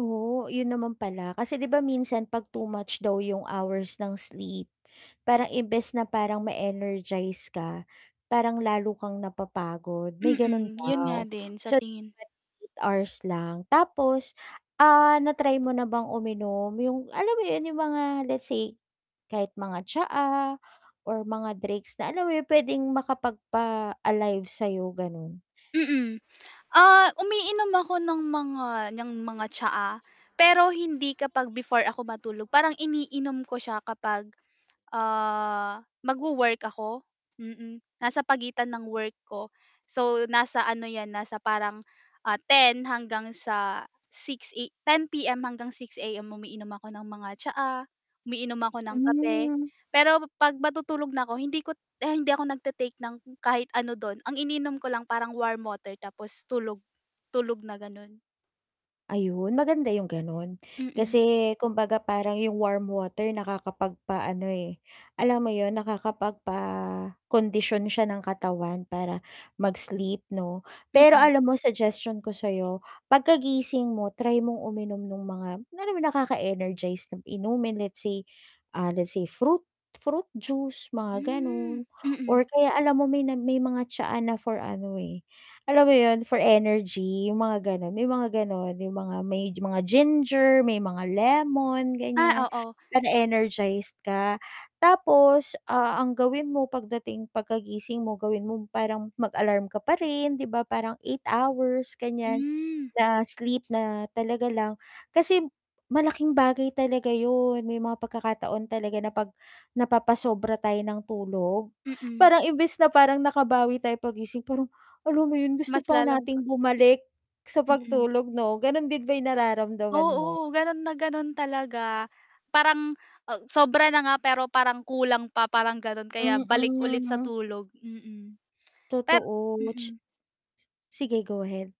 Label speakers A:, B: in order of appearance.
A: Oo, yun naman pala kasi 'di ba minsan pag too much daw yung hours ng sleep, parang imbes na parang ma energize ka parang lalo kang napapagod may ganun
B: Mm, yun nga
A: daw,
B: din sa
A: so
B: tingin
A: [unintelligible] 8 hours lang tapos ah, na-try mo na bang uminom yung alam mo yun yung mga let's say kahit mga tsaa or mga drinks na alam mo yun pwedeng makapagpa -alive sayo ganun.
B: Mm. Ah, umiinom ako ng mga niyang mga tsaa, pero hindi kapag before ako matulog parang iniinom ko siya kapag, ah, mag-wo-work ako, mm. Nasa pagitan ng work ko. So, nasa ano yan, nasa parang 10:00 hanggang sa 6:00 A 10:00 PM hanggang 6:00 AM umiinom ako ng mga tsaa, umiinom ako ng kape,
A: Hmm.
B: pero 'pag matutulog na ako hindi kot hindi ako nagta-take ng kahit ano dun. Ang iniinom ko lang parang warm water tapos tulog, tulog na ganon.
A: Ayun, maganda yung ganun.
B: Mm.
A: Kasi kumbaga parang yung warm water nakakapagpaano eh, alam mo yun nakakapagpakondisyon siya ng katawan para mag-sleep 'no. Pero
B: Mm.
A: alam mo suggestion ko sayo, pagkagising mo try mong uminom nung mga kunyari nakaka-energize na inumin, let's say, ah, let's say fruit fruit juice mga
B: Hmm,
A: ganun
B: mm.
A: or kaya alam mo may nag may mga tsaa na for ano eh, alam mo yun for energy yung mga ganun, may mga ganon yung mga may mga ginger, may mga lemon
B: Ah,
A: ganyan,
B: oo.
A: para energized ka. Tapos, ah, ang gawin mo pagdating pagkagising mo gawin mo parang mag-alarm ka pa rin 'di ba parang 8 hours ganyan,
B: Hmm.
A: na sleep na talaga lang. Kasi malaking bagay talaga yun, may mga pagkakataon talaga na napag napapasobra tayo ng tulog,
B: Mm.
A: parang imbes na parang nakabawi tayo paggising parang alam mo yun
B: Mas
A: gusto pa
B: lalong pag
A: nating bumalik sa
B: Mm.
A: pagtulog 'no ganon din ba yung nararamdaman mo?
B: Oo, ganun na ganun talaga, parang u sobra na nga pero parang kulang pa parang ganon kaya balik ulit sa
A: Mm.
B: tulog, mm. pe
A: Totoo, ts
B: mm.
A: Sige, go ahead.